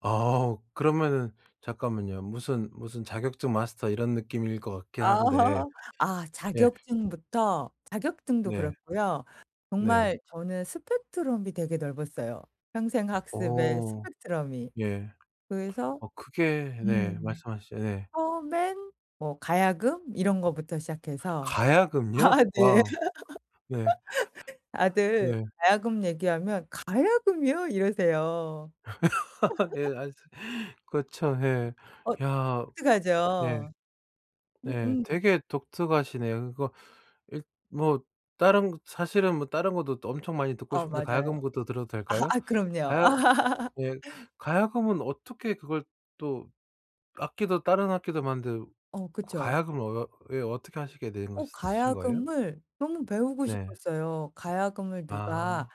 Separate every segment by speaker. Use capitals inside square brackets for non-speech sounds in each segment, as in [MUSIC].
Speaker 1: 아. 그러면은 잠깐만요. 무슨 무슨 자격증 마스터 이런 느낌일 것 같긴 한데
Speaker 2: [LAUGHS] 아
Speaker 1: 예.
Speaker 2: 자격증부터 자격증도
Speaker 1: 네.
Speaker 2: 그렇고요.
Speaker 1: 네.
Speaker 2: 정말 저는 스펙트럼이 되게 넓었어요, 평생 학습에
Speaker 1: 어
Speaker 2: 스펙트럼이.
Speaker 1: 예.
Speaker 2: 그래서
Speaker 1: 어 그게 네.
Speaker 2: 음.
Speaker 1: 말씀하시죠. 네.
Speaker 2: 처음엔 뭐 가야금 이런 것부터 시작해서 아
Speaker 1: 가야금이요?
Speaker 2: 네.
Speaker 1: 와. 네.
Speaker 2: [LAUGHS] 다들
Speaker 1: 네.
Speaker 2: 가야금 얘기하면 "가야금이요?" 이러세요.
Speaker 1: [LAUGHS] 예.
Speaker 2: [LAUGHS]
Speaker 1: 아 그렇죠. 예.
Speaker 2: 어
Speaker 1: 야 그 네.
Speaker 2: 독특하죠.
Speaker 1: 네.
Speaker 2: 음음.
Speaker 1: 되게 독특하시네요. 그거 일 뭐 다른 거 사실은 뭐 다른 것도 또 엄청 많이 듣고
Speaker 2: 어
Speaker 1: 싶은데
Speaker 2: 맞아요.
Speaker 1: 가야금부터 들어도
Speaker 2: 아.
Speaker 1: 될까요?
Speaker 2: 아 그럼요.
Speaker 1: 가야 예.
Speaker 2: [LAUGHS]
Speaker 1: 가야금은 어떻게 그걸 또 악기도 다른 악기도 많은데
Speaker 2: 어
Speaker 1: 그
Speaker 2: 그쵸.
Speaker 1: 가야금을 어 왜 어떻게 하시게 되는
Speaker 2: 어
Speaker 1: 거시 신 거예요?
Speaker 2: 가야금을 너무 배우고
Speaker 1: 네.
Speaker 2: 싶었어요. 가야금을 누가
Speaker 1: 아.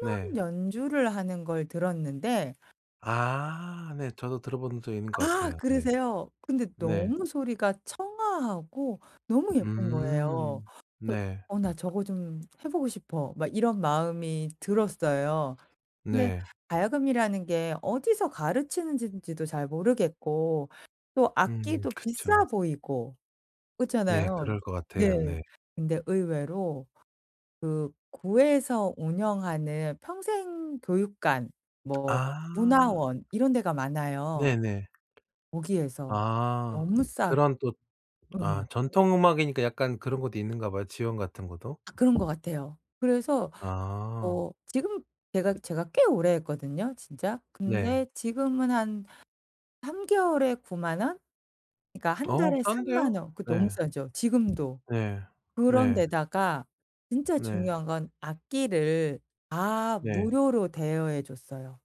Speaker 1: 네.
Speaker 2: 연주를 하는 걸 들었는데
Speaker 1: 아 네. 저도 들어본 적 있는 것
Speaker 2: 아
Speaker 1: 같아요. 네.
Speaker 2: 그러세요? 근데
Speaker 1: 네.
Speaker 2: 너무 소리가 청아하고 너무 예쁜 거예요. 그래서
Speaker 1: 음 네.
Speaker 2: '어 나 저거 좀 해 보고 싶어.' 막 이런 마음이 들었어요. 근데
Speaker 1: 네.
Speaker 2: 가야금이라는 게 어디서 가르치는지 지도 잘 모르겠고 또
Speaker 1: 음.
Speaker 2: 악기도 비싸
Speaker 1: 그쵸.
Speaker 2: 보이고
Speaker 1: 네.
Speaker 2: 그렇잖아요.
Speaker 1: 그럴 것
Speaker 2: 네.
Speaker 1: 같아요. 네.
Speaker 2: 근데 의외로 그 구에서 운영하는 평생 교육관 뭐
Speaker 1: 아.
Speaker 2: 문화원 이런 데가 많아요.
Speaker 1: 네네.
Speaker 2: 거기에서
Speaker 1: 아.
Speaker 2: 너무 싸게.
Speaker 1: 그런 또 아
Speaker 2: 예.
Speaker 1: 전통 음악이니까 약간 그런 것도 있는가 봐요, 지원 같은 것도.
Speaker 2: 아. 그런 것 같아요. 그래서
Speaker 1: 아.
Speaker 2: 어 지금 제가 제가 꽤 오래 했거든요, 진짜.
Speaker 1: 네.
Speaker 2: 근데 지금은 한 3 개월에 90,000 원, 그러니까 1
Speaker 1: 어
Speaker 2: 달에
Speaker 1: 싼데요?
Speaker 2: 30000 원. 그 너무
Speaker 1: 예.
Speaker 2: 싸죠, 지금도.
Speaker 1: 예.
Speaker 2: 그런
Speaker 1: 네.
Speaker 2: 데다가 진짜
Speaker 1: 네.
Speaker 2: 중요한 건 악기를 다
Speaker 1: 네.
Speaker 2: 무료로 대여해 줬어요.